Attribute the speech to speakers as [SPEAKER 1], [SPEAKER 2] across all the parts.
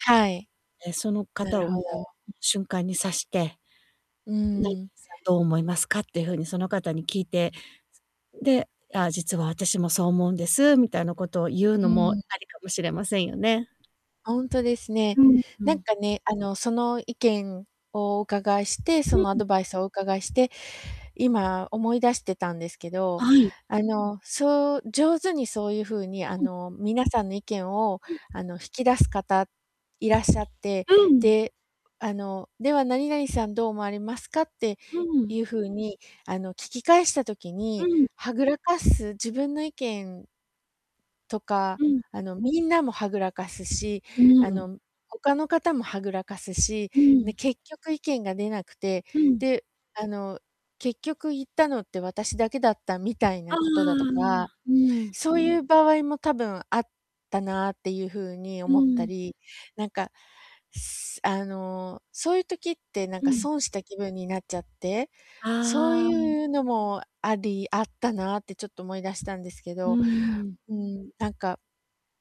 [SPEAKER 1] はい。
[SPEAKER 2] え、その
[SPEAKER 1] な
[SPEAKER 2] 方
[SPEAKER 1] る
[SPEAKER 2] をも
[SPEAKER 1] ほど。
[SPEAKER 2] う、う瞬間に指して
[SPEAKER 1] う
[SPEAKER 2] 「ない
[SPEAKER 1] ん。
[SPEAKER 2] さんどう思いますか？」っていう風にその方に聞いて、すで「ああ、実は私もそう思うんです」みたいなことを言う
[SPEAKER 1] う
[SPEAKER 2] のも
[SPEAKER 1] ん。
[SPEAKER 2] ありかもしれませんよね。
[SPEAKER 1] あ、ほんとですね。
[SPEAKER 2] うんう
[SPEAKER 1] なん
[SPEAKER 2] ん。
[SPEAKER 1] かね、あの、その意見をお伺いして、
[SPEAKER 2] う
[SPEAKER 1] そ
[SPEAKER 2] ん
[SPEAKER 1] のア
[SPEAKER 2] うん。
[SPEAKER 1] ドバイスをお伺いして、今思い出してたんですけど、
[SPEAKER 2] あ、はい。
[SPEAKER 1] あの、そう上手にそういう風に、あ
[SPEAKER 2] うん。
[SPEAKER 1] の、皆さんの意見を
[SPEAKER 2] うん。
[SPEAKER 1] あの、引き出す方、いらっしゃって、
[SPEAKER 2] うん。
[SPEAKER 1] で、あの「では何々さんどう思われますか？」って
[SPEAKER 2] うん。
[SPEAKER 1] いう風にあの、聞き返した時
[SPEAKER 2] う
[SPEAKER 1] に、
[SPEAKER 2] ん。
[SPEAKER 1] はぐらかす、自分の意見とか、
[SPEAKER 2] うん。
[SPEAKER 1] あの、みんなもはぐらかすし、
[SPEAKER 2] う
[SPEAKER 1] あ
[SPEAKER 2] ん。
[SPEAKER 1] の、む他の方もはぐらかすし、
[SPEAKER 2] う
[SPEAKER 1] で、
[SPEAKER 2] ん。
[SPEAKER 1] 結局意見が出なくて、
[SPEAKER 2] うん。
[SPEAKER 1] で、あの、結局言ったのって私だけだったみたいな
[SPEAKER 2] ああ、
[SPEAKER 1] ことだとか、
[SPEAKER 2] うん。
[SPEAKER 1] そういう場合も多分あったなっていう風に
[SPEAKER 2] う
[SPEAKER 1] 思った
[SPEAKER 2] ん。
[SPEAKER 1] り、なんか、すあの、そういう時ってなん
[SPEAKER 2] う
[SPEAKER 1] か
[SPEAKER 2] ん。
[SPEAKER 1] 損した気分になっちゃって、そう
[SPEAKER 2] ああ。
[SPEAKER 1] いうのもありあったなってちょっと思い出したんですけ
[SPEAKER 2] う
[SPEAKER 1] ど。
[SPEAKER 2] ん。
[SPEAKER 1] うん、なんか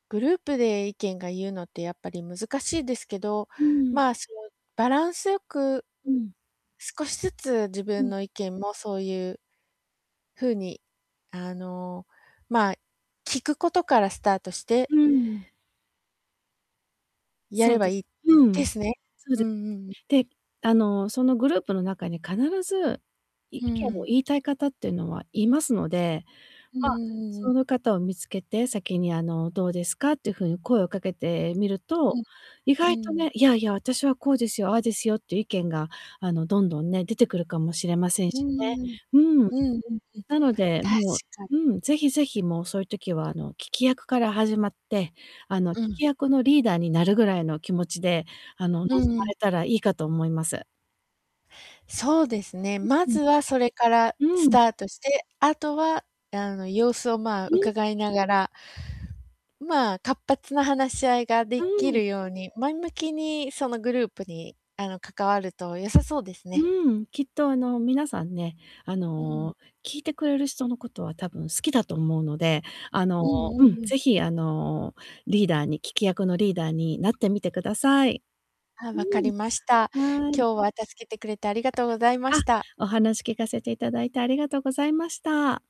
[SPEAKER 1] グループで意見が言うのってやっぱり難しいですけど、
[SPEAKER 2] うん。
[SPEAKER 1] まあ、その、バランスよく、
[SPEAKER 2] うん。
[SPEAKER 1] 少しずつ自
[SPEAKER 2] う
[SPEAKER 1] 分
[SPEAKER 2] ん。
[SPEAKER 1] の意見もそういう風にあの、まあ、聞くことからスタートして
[SPEAKER 2] うん。
[SPEAKER 1] や
[SPEAKER 2] そ
[SPEAKER 1] れ
[SPEAKER 2] う
[SPEAKER 1] ば
[SPEAKER 2] で
[SPEAKER 1] いい
[SPEAKER 2] す。う
[SPEAKER 1] で
[SPEAKER 2] ん。
[SPEAKER 1] すね。
[SPEAKER 2] そう
[SPEAKER 1] うん
[SPEAKER 2] で
[SPEAKER 1] うんうん。
[SPEAKER 2] で、あの、そのグループの中に必ず、意
[SPEAKER 1] う
[SPEAKER 2] 見を
[SPEAKER 1] ん。
[SPEAKER 2] 言いたい方ってのはいますので、
[SPEAKER 1] うんうん
[SPEAKER 2] ま、
[SPEAKER 1] うんう
[SPEAKER 2] そ
[SPEAKER 1] ん。
[SPEAKER 2] の方を見つけて「先にあの、どうですか？」っていう風に声をかけてみる
[SPEAKER 1] う
[SPEAKER 2] と、
[SPEAKER 1] ん、
[SPEAKER 2] 意
[SPEAKER 1] う
[SPEAKER 2] 外と
[SPEAKER 1] ーん。
[SPEAKER 2] ね「いやいや、私はこうですよ、ああですよ」っていう意見が、あの、どんどんね、出てくるかもしれません
[SPEAKER 1] うー
[SPEAKER 2] しね。
[SPEAKER 1] ん。
[SPEAKER 2] うん。
[SPEAKER 1] うんうんうん。
[SPEAKER 2] なので、
[SPEAKER 1] 確
[SPEAKER 2] もう
[SPEAKER 1] かに。
[SPEAKER 2] うん、是非是非、もうそういう時は、あの、聞き役から始まって、あの、聞
[SPEAKER 1] うん。
[SPEAKER 2] き役のリーダーになるぐらいの気持ちで、あの、望
[SPEAKER 1] うん
[SPEAKER 2] ま
[SPEAKER 1] うん。
[SPEAKER 2] れたらいいかと思います。
[SPEAKER 1] そうですね、ま
[SPEAKER 2] う
[SPEAKER 1] ずはそれから
[SPEAKER 2] うん。
[SPEAKER 1] ス
[SPEAKER 2] うん。
[SPEAKER 1] タートして、あとは、あの、様子をまあ、
[SPEAKER 2] うん
[SPEAKER 1] 伺いながらまあ、活発な話し合いがで
[SPEAKER 2] う
[SPEAKER 1] き
[SPEAKER 2] ん。
[SPEAKER 1] るように、前向きにそのグループに、あの、関わると良さそうですね。
[SPEAKER 2] うん。きっとあの、皆さんね、あ
[SPEAKER 1] うん。
[SPEAKER 2] の、聞いてくれる人のことは多分好きだと思うので、あの、
[SPEAKER 1] うんう
[SPEAKER 2] う
[SPEAKER 1] ん
[SPEAKER 2] ん、
[SPEAKER 1] うん。
[SPEAKER 2] 是非、あの、リーダーに、聞き役のリーダーになってみてください。
[SPEAKER 1] ああ、
[SPEAKER 2] う
[SPEAKER 1] 分かり
[SPEAKER 2] ん。
[SPEAKER 1] ました。
[SPEAKER 2] はい。
[SPEAKER 1] 今日は助けてくれてありがとう
[SPEAKER 2] [unintelligible]
[SPEAKER 1] ございま
[SPEAKER 2] あ、
[SPEAKER 1] した。
[SPEAKER 2] お話聞かせて頂いてありがとうございました。